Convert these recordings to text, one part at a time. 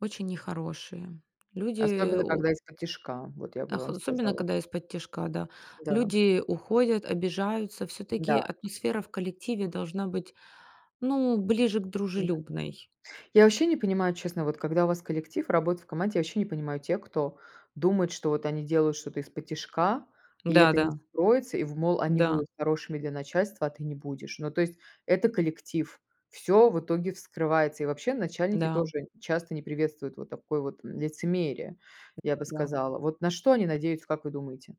Очень нехорошие. Люди Особенно у когда исподтишка, вот я бы Ах, вам особенно сказала. когда исподтишка да, Да. люди уходят, обижаются. Всё-таки Да. атмосфера в коллективе должна быть, ну ближе к М-да. дружелюбной. Я вообще не понимаю, честно, вот когда у вас коллектив, работает в команде, я вообще не понимаю тех, кто думает, что вот они делают что-то исподтишка, и это не Да-да. вскроется, и в мол они будут Да. хорошими для начальства, а ты не будешь. Ну, то есть, это коллектив, всё в итоге вскрывается. И, вообще, начальники Да. тоже н часто не приветствуют вот такое вот, м, лицемерие, я бы Да. сказала. Вот на что они надеются, как вы думаете?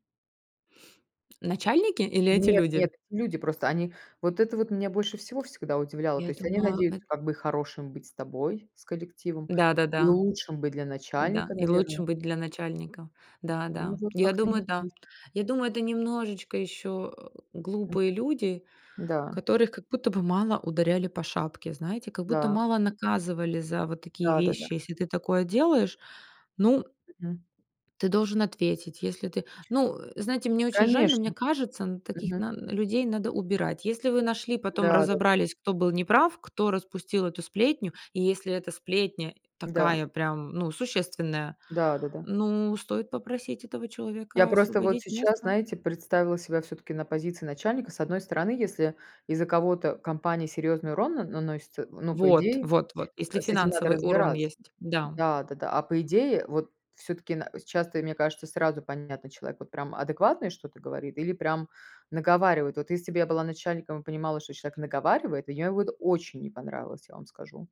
Начальники или эти Нет люди? нет, люди просто, они вот это вот меня больше всего всегда удивляло: то Я есть они думаю надеются, эт как бы хорошим быть с тобой, с коллективом и Да-да-да. лучшим быть для Да, начальника, и лучше наверное. быть для начальника. М, Да, ну, да, вот я как-то не. думаю, да. [unintelligible] Я думаю, это немножечко еще, Мгм. глупые люди, Да. которых как будто бы мало ударяли по шапке. Знаете, как будто Да. мало наказывали за вот такие Да-да-да. вещи. Если ты такое делаешь, ну Мгм. ты должен ответить. Если ты Ну, э, знаете, мне очень жаль, но мне Конечно. кажется, н таких Мгм. нан людей надо убирать. Если вы нашли, потом Да-да-да. разобрались, кто был неправ, кто распустил эту сплетню, и если эта сплетня Да. такая прям ну существенная, Да-да-да. ну стоит попросить этого Я человека просто вот освободить сейчас, место. знаете, представила себя всё-таки на позиции начальника. С одной стороны, если из-за кого-то компания серьезный урон на наносится, э, ну, по Вот идее, вот вот, если с этим надо финансовый урон разбираться. есть, да. Да, да-да, а по идее, вот всё-таки на то есть, часто, и мне кажется, сразу понятно, человек вот прям адекватное что-то говорит или прям наговаривает. Вот если бы я была начальником и понимала, что человек наговаривает, я и вот очень не понравилось, я вам скажу.